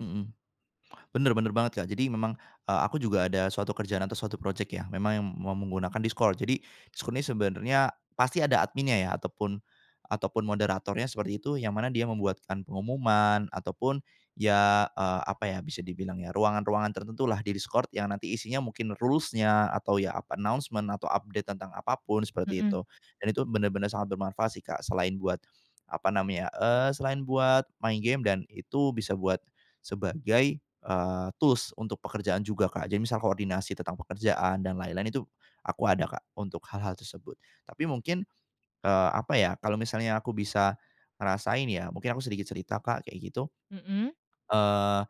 Mhm. Benar benar banget, Kak. Jadi, memang, eee, aku juga ada suatu kerjaan atau suatu projek, ya. Memang ya ma menggunakan Discord. Jadi, Discord ini sebenarnya, pasti ada adminnya ya, ataupun ataupun moderatornya seperti itu, yang mana dia membuatkan pengumuman, ataupun, ya, eee, apa ya bisa dibilang, ya, ruangan-ruangan tertentulah, di Discord, yang nanti isinya mungkin rules-nya atau ya, apa, announcement, atau update tentang apapun, seperti Mhm. itu. Dan itu benar-benar sangat bermanfaat sih Kak, selain buat, apa namanya, eee, selain buat main gim dan itu bisa buat sebagai, eee, tools untuk pekerjaan juga, Kak. Jadi, misal koordinasi tentang pekerjaan dan lain-lain itu aku ada Kak, untuk hal-hal tersebut, tapi mungkin, eee, apa, ya, kalau misalnya aku bisa ngerasain ya, mungkin aku sedikit cerita Kak, kayak gitu. Mhm. Eee,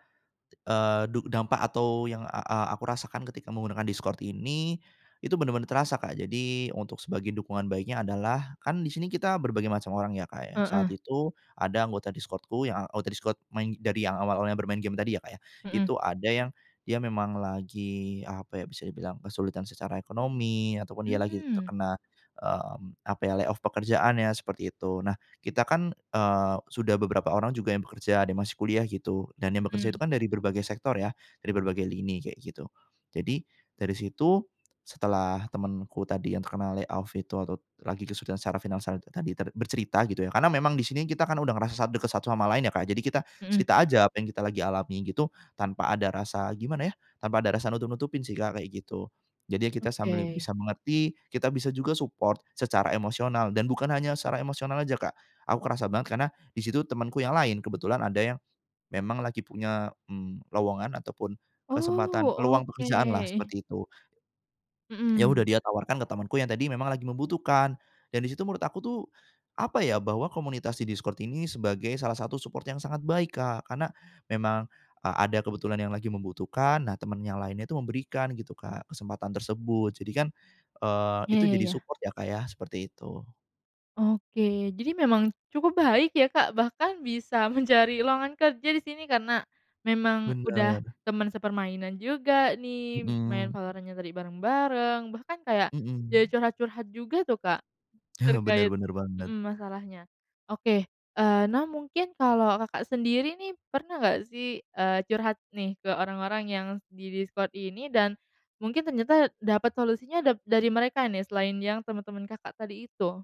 eee, du dampak atau yang a a aku rasakan ketika menggunakan Discord ini, itu, benar-benar terasa, Kak. Jadi, untuk sebagai dukungan baiknya adalah kan di sini kita berbagai macam orang ya, Kak, ya. Saat Heeh. itu, ada anggota Discord-ku yang anggota Discord main dari yang awal-awalnya bermain game tadi ya Kak, ya, Mhm. itu ada yang dia memang lagi, apa ya, bisa dibilang kesulitan secara ekonomi ataupun dia lagi Mmm. terkena, mmm, apa, ya, layoff pekerjaannya, seperti itu. Nah, kita kan, eee, sudah beberapa orang juga yang bekerja, ada yang masih kuliah gitu, dan yang bekerja itu Mhm. kan dari berbagai sektor, ya. Dari berbagai lini kayak, gitu. Jadi, dari situ, setelah temenku tadi yang terkena layoff itu atau lagi kesulitan secara finansial tadi ter bercerita gitu, ya, karena memang di sini kita kan udah ngerasa sangat dekat satu sama lain ya, Kak, jadi kita Mhm. cerita aja apa yang kita lagi alami gitu, tanpa ada rasa gimana ya, tanpa ada rasa nutup-nutupin sih Kak, kayak gitu. Jadi ya kita sambil Oke. bisa mengerti, kita bisa juga support secara emosional dan bukan hanya secara emosional aja, Kak. Aku kerasa banget karena di situ temanku yang lain, kebetulan ada yang memang lagi punya, mmm, lowongan ataupun Oh, kesempatan peluang pekerjaanlah, oke. seperti itu. Ya, udah. Mhm. Dia tawarkan ke temenku yang tadi memang lagi membutuhkan dan di situ menurut aku, tuh, apa, ya, bahwa komunitas di Discord ini sebagai salah satu support yang sangat baik, Kak, karena memang a ada kebetulan yang lagi membutuhkan. Nah, temen yang lainnya itu memberikan gitu, Kak, kesempatan tersebut, jadi kan, eee, Ya itu ya jadi ya. support ya, Kak, ya, seperti itu. Oke. Jadi memang cukup baik, ya, Kak, bahkan bisa mencari lowongan kerja di sini karena memang udah Benar. teman sepermainan juga nih, main Mhm. Valorant-nya tadi bareng-bareng, bahkan kayak, jadi Mhm. curhat-curhat juga, tuh Kak, Benar terkait benar, banget. mhm, masalahnya. Oke, eee, nah, mungkin kalau Kakak sendiri nih pernah gak sih, eee, curhat nih ke orang-orang yang di Discord ini dan mungkin ternyata dapat solusinya dap dari mereka nih selain yang teman-teman Kakak tadi itu?